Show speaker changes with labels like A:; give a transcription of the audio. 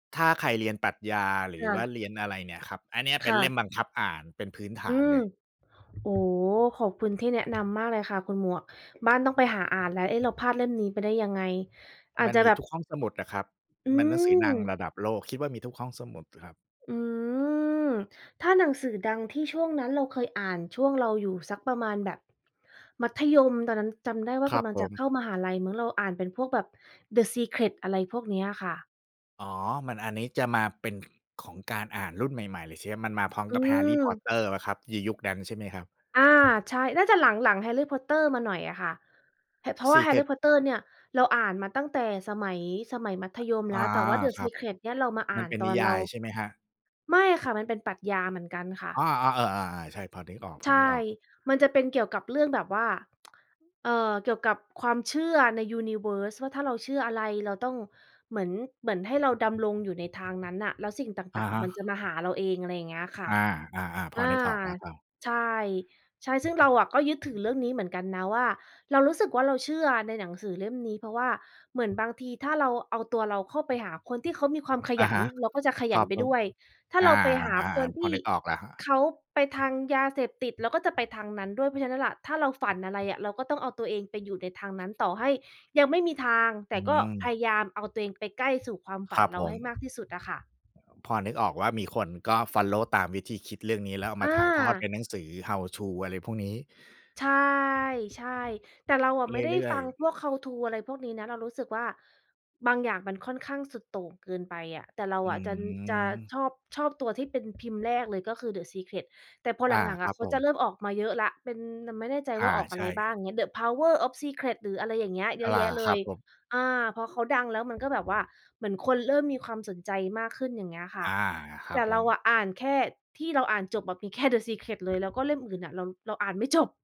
A: ถ้าใครเรียนปรัชญา หร
B: ค
A: ือ
B: ่
A: ว่า
B: ะ
A: เรียนอะไรเนี่ยครับ อันเนี้ยเป
B: ค
A: ็
B: ่
A: นเล่
B: ะ
A: มบังคับอ่านเป็นพื้นฐ
B: อื
A: าน
B: ม
A: เลย
B: โอ้โฮ ขอบคุณที่แนะนำมากเลยค่ะคุณหมวก บ้านต้องไปหาอ่านแล้ว เอ๊ะ เราพลาดเล่มนี้ไปได้ยังไง อา
A: ม
B: จ
A: ัน
B: จะ
A: มี
B: แบบ
A: ทุกห้องสมุดอะครับ
B: อื
A: มันหนังสือดัง
B: ม
A: ระดับโลก คิดว่ามีทุกห้องสมุดครับ
B: อืม ถ้าหนังสือดังที่ช่วงนั้นเราเคยอ่าน ช่วงเราอยู่สักประมาณแบบ มัธยม ตอนนั้นจำได้ว่า
A: คร
B: ก
A: ับ
B: ำลัง
A: ผ
B: จะ
A: ม
B: เข้ามหาลัยมั้ง เราอ่านเป็นพวกแบบ The Secret อะไรพวกเนี้ยค่ะ
A: อ๋อ มัน อันนี้จะมาเป็น ข ของการอ่านรุ่นใหม่ ๆ เลย ช มันมาพร้อม
B: อื
A: กับ แฮร์รี่ พอต
B: ม
A: เตอร์ เปล่าครับ ยียุคนั้นใช่ไหมครับ?
B: อา ใช่ น่าจะหลัง หลังแฮร์รี่ พอตเตอร์ มาหน่อยอะค่ะ พ เพราะว่าแฮร์รี
A: Secret
B: ่ พอตเตอร์เนี่ย เราอ่านมาตั้งแต่ สมัย สมัยมัธยมแ
A: อ
B: ล
A: า
B: ้ว แต่ว่า The
A: ครับ
B: Secret เนี่ยเรามาอ่
A: มั
B: า
A: น
B: น
A: เป็น
B: ตอ
A: นิ
B: น
A: ย
B: เรา
A: ายใช่ไหมครับ?
B: ไม่อะค่ะ มันเป็นปรัชญาเหมือนกันค่ะ
A: อา ๆ เออ อา ๆ ใช่ พอนึกอ
B: ใช่
A: อก ๆ
B: มันจะเป็นเกี่ยวกับเรื่องแบบว่า เอ่อ เกี่ยวกับความเชื่อใน universe ว่า ถ้าเราเชื่ออะไรเราต้อง เหมือน เหมือนให้เราดำรงอยู่ในทางนั้นน่ะ แล้วสิ่งต
A: อะ
B: ่าง
A: ฮ
B: ๆ
A: ะ
B: มันจะมาหาเราเอง อะไรอย่างเงี้ยค่ะ
A: อา ๆ ๆ พ
B: อ
A: อ
B: า
A: นึกออกแล้วครับ
B: ใช่ ใช่ ซึ่งเราอะก็ยึดถือเรื่องนี้เหมือนกันนะ ว่าเรารู้สึกว่าเราเชื่อในหนังสือเล่มนี้ เพราะว่าเหมือนบางทีถ้าเราเอาตัวเราเข้าไปหาคนที่เขามีความข
A: อะ
B: ยั
A: ฮ
B: น
A: ะ
B: เราก็จะขย
A: คร
B: ั
A: ั
B: น
A: บ
B: ไป
A: ผ
B: ด
A: ม
B: ้วย ถ้า
A: อา
B: เราไปหาคน
A: ๆ
B: ท
A: พอ
B: ี่
A: นึกออกแล้วครับ
B: เขาไปทางยาเสพติด เราก็จะไปทางนั้นด้วย เพราะฉะนั้นล่ะ ถ้าเราฝันอะไรอะ เราก็ต้องเอาตัวเองไปอยู่ในทางนั้น ต่อให้ยังไม่มีทาง แต
A: อื
B: ่ก็พ
A: ม
B: ยายามเอาตัวเองไปใกล้สู่ความฝ
A: ค
B: ั
A: ร
B: น
A: ับ
B: เร
A: ผ
B: าใ
A: ม
B: ห้มากที่สุดอะค่ะ
A: [unintelligible] พอนึกออกว่ามีคน ก็ฟอลโลว์ตามวิธีคิดเรื่องนี้ แล้วเอาม
B: อ
A: าถ่ายทอดเป
B: า
A: ็นหนังสือ How to อะไรพวกนี้
B: ใช่ ใช่ แต่เราอะ
A: เ
B: ไม่ได้
A: รื่
B: ฟ
A: อ
B: ั
A: ย
B: ง
A: ๆ
B: พวก How to อะไรพวกนี้นะ เรารู้สึกว่า บางอย่างมันค่อนข้างสุดโต่งเกินไปอะ แต่เรา
A: อื
B: อะจะ จะ
A: ม
B: ชอบ ชอบตัวที่เป็นพิมพ์แรกเลย ก็คือ The Secret แต่พอ
A: อ
B: ห
A: า
B: ลัง
A: ค
B: ๆ อ
A: ร
B: ะ
A: ับ
B: เขา
A: ผ
B: จะ
A: ม
B: เริ่มออกมาเยอะแล้ว เป็น แต่ไม่แน่ใจ
A: อ
B: ว่
A: า
B: าออกอ
A: ใ
B: ะ
A: ช
B: ไรบ้า
A: ่
B: ง เงี้ย The Power of Secret หรือ อะไรอย่างเงี้ย เย
A: อะ
B: อะ
A: หล
B: แ
A: ่
B: ย
A: า
B: ะเล
A: ครั
B: ย
A: บผม
B: อา พอเขาดังแล้ว มัน ก็แบบว่าเหมือนคนเริ่มมีความสนใจมากขึ้น อย่างเงี้ยค่ะ
A: อา คร
B: แต
A: ับ
B: ่
A: ผ
B: เรา
A: ม
B: อะอ่านแค่ที่เราอ่านจบแบบมีแค่ The Secret เลย แล้วก็เล่มอื่น ๆ อะ เรา เราอ่านไม่จบ